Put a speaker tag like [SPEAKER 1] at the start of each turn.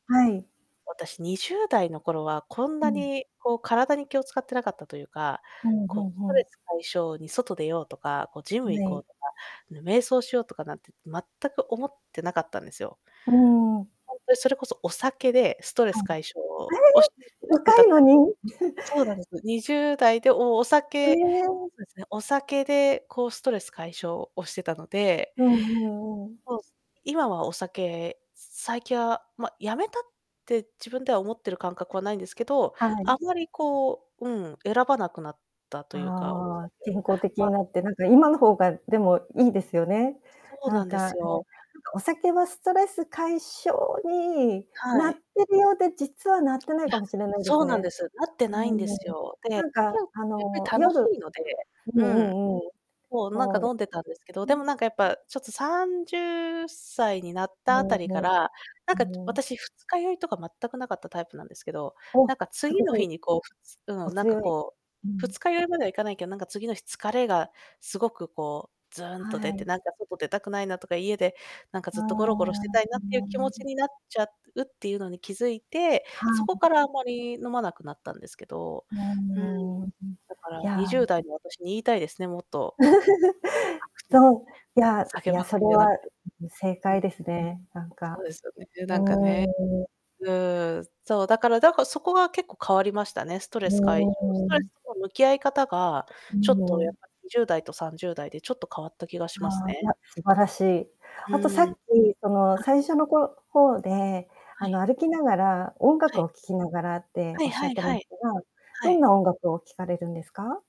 [SPEAKER 1] はい。
[SPEAKER 2] 私、20代の頃はこん
[SPEAKER 1] う
[SPEAKER 2] な
[SPEAKER 1] ん。
[SPEAKER 2] に、こう体に気を使ってなかったというか、
[SPEAKER 1] うん、ふ
[SPEAKER 2] こ
[SPEAKER 1] ん
[SPEAKER 2] う、ス
[SPEAKER 1] ふ
[SPEAKER 2] トレ
[SPEAKER 1] ん。
[SPEAKER 2] ス解消に外出ようとか、こう、ジ
[SPEAKER 1] ん、
[SPEAKER 2] ム行
[SPEAKER 1] れ
[SPEAKER 2] こ
[SPEAKER 1] い。
[SPEAKER 2] うとか、あの、瞑想しようとかなんて、全く思ってなかったんですよ。
[SPEAKER 1] うーん。
[SPEAKER 2] ほんとにそれこそ、お酒でストレス
[SPEAKER 1] うん。
[SPEAKER 2] 解消
[SPEAKER 1] あれれ。
[SPEAKER 2] をし して
[SPEAKER 1] 若
[SPEAKER 2] た
[SPEAKER 1] い
[SPEAKER 2] タ
[SPEAKER 1] の
[SPEAKER 2] イ
[SPEAKER 1] に。
[SPEAKER 2] そうなんです。20代でおお
[SPEAKER 1] え
[SPEAKER 2] 酒
[SPEAKER 1] え。
[SPEAKER 2] そうですね、お酒でこうストレス解消をしてたので。
[SPEAKER 1] うんうんうん。
[SPEAKER 2] そうす今はお酒、さ最近は、ま、辞めたって自分では思ってる感覚はないんですけど、
[SPEAKER 1] はい。
[SPEAKER 2] あんまりこう、うん、選ばなくなったというか、お
[SPEAKER 1] あ
[SPEAKER 2] 酒
[SPEAKER 1] あ。健康的
[SPEAKER 2] は
[SPEAKER 1] に
[SPEAKER 2] い。
[SPEAKER 1] なってなんか今の方が、でも、いいですよね。
[SPEAKER 2] そう
[SPEAKER 1] な
[SPEAKER 2] な
[SPEAKER 1] ん
[SPEAKER 2] んで
[SPEAKER 1] か、
[SPEAKER 2] す
[SPEAKER 1] ね、
[SPEAKER 2] よ。
[SPEAKER 1] お酒はストレス解消に
[SPEAKER 2] は
[SPEAKER 1] なっ
[SPEAKER 2] い。
[SPEAKER 1] てるようで、実はなってな
[SPEAKER 2] い
[SPEAKER 1] い
[SPEAKER 2] や、
[SPEAKER 1] かもしれないで
[SPEAKER 2] そ
[SPEAKER 1] す
[SPEAKER 2] うなん
[SPEAKER 1] ね。
[SPEAKER 2] です。なって
[SPEAKER 1] う
[SPEAKER 2] ないんで
[SPEAKER 1] ー
[SPEAKER 2] す
[SPEAKER 1] ん。
[SPEAKER 2] よ。で、
[SPEAKER 1] なん
[SPEAKER 2] き
[SPEAKER 1] か
[SPEAKER 2] ゅんやっ
[SPEAKER 1] あの、
[SPEAKER 2] ぱり楽し
[SPEAKER 1] 夜
[SPEAKER 2] いので、
[SPEAKER 1] う
[SPEAKER 2] うん。
[SPEAKER 1] んうんうん。
[SPEAKER 2] もう、なん
[SPEAKER 1] そ
[SPEAKER 2] か
[SPEAKER 1] うで
[SPEAKER 2] 飲んでたんですけど、
[SPEAKER 1] う
[SPEAKER 2] でも
[SPEAKER 1] ん。
[SPEAKER 2] なんかやっぱちょっと30歳になったあたりから、なんか、ちょ 私二日酔いとか全くなかったタイプなんですけど、
[SPEAKER 1] お、
[SPEAKER 2] なんか
[SPEAKER 1] す
[SPEAKER 2] 次の
[SPEAKER 1] ご
[SPEAKER 2] 日
[SPEAKER 1] い。
[SPEAKER 2] にこう、ふつう
[SPEAKER 1] お
[SPEAKER 2] ん、なんか
[SPEAKER 1] 強い。
[SPEAKER 2] こう、
[SPEAKER 1] うん。
[SPEAKER 2] 二日酔いまではいかないけど、なんか次の日疲れがすごくこう、ずんと
[SPEAKER 1] は
[SPEAKER 2] 出て、
[SPEAKER 1] い。
[SPEAKER 2] なんか外出たくないなとか、家でなんか
[SPEAKER 1] あ
[SPEAKER 2] ずっとゴロゴロして
[SPEAKER 1] あ。
[SPEAKER 2] たいなっていう気持ち になっちゃうっていうのに気づいて、
[SPEAKER 1] は
[SPEAKER 2] そこか
[SPEAKER 1] い。
[SPEAKER 2] らあまり飲まなくなったんですけど。
[SPEAKER 1] う
[SPEAKER 2] うん。
[SPEAKER 1] ーん。う、い
[SPEAKER 2] だから、に
[SPEAKER 1] や。
[SPEAKER 2] じゅうだいの私に言いたいですね、もっと。
[SPEAKER 1] そ う、いやい
[SPEAKER 2] 酒祭
[SPEAKER 1] や、それ
[SPEAKER 2] りじゃなく
[SPEAKER 1] は
[SPEAKER 2] て。
[SPEAKER 1] 正
[SPEAKER 2] う
[SPEAKER 1] 解
[SPEAKER 2] ん。
[SPEAKER 1] ですね、なん
[SPEAKER 2] そう
[SPEAKER 1] か。
[SPEAKER 2] ですよね、で、
[SPEAKER 1] う
[SPEAKER 2] なんかね。
[SPEAKER 1] ーん。
[SPEAKER 2] うーん、そう、だから、だかそこが結構変わりましたね。スト
[SPEAKER 1] う
[SPEAKER 2] レス解消ス
[SPEAKER 1] ー
[SPEAKER 2] トレ
[SPEAKER 1] ん。
[SPEAKER 2] スとの向き合い方が、
[SPEAKER 1] う
[SPEAKER 2] ちょっとやっ
[SPEAKER 1] ん。
[SPEAKER 2] ぱり20代と30代でちょっと変わった気がします
[SPEAKER 1] ああ、い
[SPEAKER 2] ね。
[SPEAKER 1] や、素晴らしい。
[SPEAKER 2] ふ
[SPEAKER 1] あとさっ
[SPEAKER 2] ん。
[SPEAKER 1] き、その
[SPEAKER 2] あ
[SPEAKER 1] 最初のこ方で、
[SPEAKER 2] は
[SPEAKER 1] あ
[SPEAKER 2] い。
[SPEAKER 1] の、歩きながら音
[SPEAKER 2] は
[SPEAKER 1] 楽
[SPEAKER 2] い。
[SPEAKER 1] を聴きながらって
[SPEAKER 2] はい
[SPEAKER 1] 仰っ
[SPEAKER 2] はい
[SPEAKER 1] てま
[SPEAKER 2] は
[SPEAKER 1] し
[SPEAKER 2] い。
[SPEAKER 1] たが、
[SPEAKER 2] は
[SPEAKER 1] どん
[SPEAKER 2] い。
[SPEAKER 1] な音楽を聴かれるんですか？